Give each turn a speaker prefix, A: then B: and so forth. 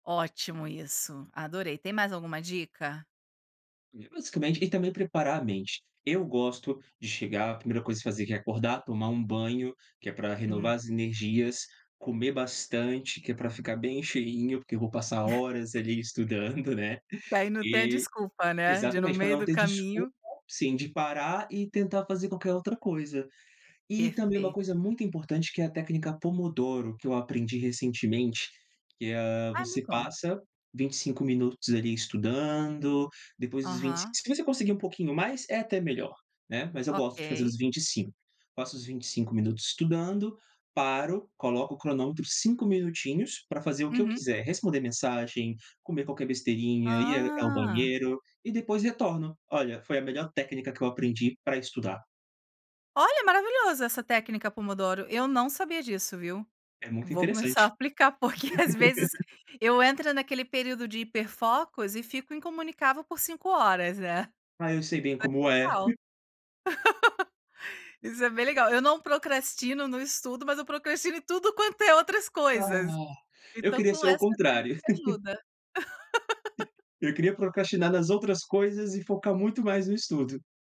A: Ótimo isso, adorei, tem mais alguma dica?
B: E basicamente e também preparar a mente, eu gosto de chegar, a primeira coisa que fazer que é acordar, tomar um banho, que é para
A: Hum.
B: renovar as energias, comer bastante, que é para ficar bem cheinho, porque eu vou passar horas ali estudando, né,
A: E aí não tem a
B: e,
A: desculpa, né, de no
B: exatamente, para
A: meio
B: não
A: do
B: ter desculpa,
A: caminho
B: sim, de parar e tentar fazer qualquer outra coisa, e também uma coisa
A: Perfeito.
B: muito importante que é a técnica pomodoro, que eu aprendi recentemente, que, ah,
A: Ai me
B: você
A: conta.
B: passa 25 minutos ali estudando, depois dos vint
A: Aham.
B: se você conseguir um pouquinho mais é até melhor, né, mas eu gosto de fazer
A: Ok.
B: os 25, passo os 25 minutos estudando, paro, coloco o cronômetro 5 minutinhos pra fazer o que eu
A: Uhum.
B: quiser, responder mensagem, comer qualquer besteirinha, ir a ao
A: Ah.
B: banheiro, e depois retorno, olha, foi a melhor técnica que eu aprendi para estudar.
A: Olha, é maravilhoso essa técnica pomodoro, eu não sabia disso, viu,
B: É muito
A: vou começar a
B: interessante.
A: aplicar, porque às vezes eu entro naquele período de hiper focos e fico incomunicável por 5 horas, né,
B: Ah eu sei
A: [unintelligible]
B: bem como é.
A: isso é bem legal, eu não procrastino no estudo, mas eu procrastino em tudo quanto é outras
B: Ah,
A: coisas,
B: eu
A: então
B: queria
A: com
B: ser ao
A: essa
B: contrário.
A: técnica de ajuda.
B: Eu queria procrastinar nas outras coisas e focar muito mais no estudo.